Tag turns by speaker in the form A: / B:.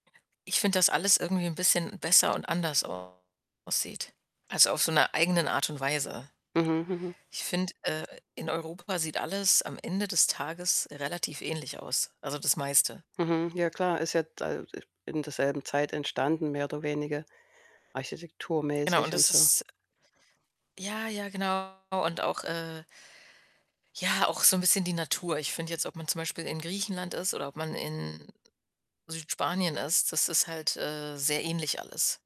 A: Ich finde, dass alles irgendwie 'n bisschen besser und anders aussieht, also auf so 'ner eigenen Art und Weise.
B: Mhm, mhm.
A: Ich finde, äh, in Europa sieht alles am Ende des Tages relativ ähnlich aus, also, das meiste.
B: Mhm, ja klar, ist ja d [unintelligible] in derselben Zeit entstanden, mehr oder weniger,
A: Genau, und
B: architekturmäßig und
A: das
B: so.
A: ist Ja, ja, genau, und auch, äh ja, auch so 'n bisschen die Natur. Ich finde jetzt, ob man zum Beispiel in Griechenland ist oder ob man in Südspanien ist, das ist halt, äh, sehr ähnlich alles.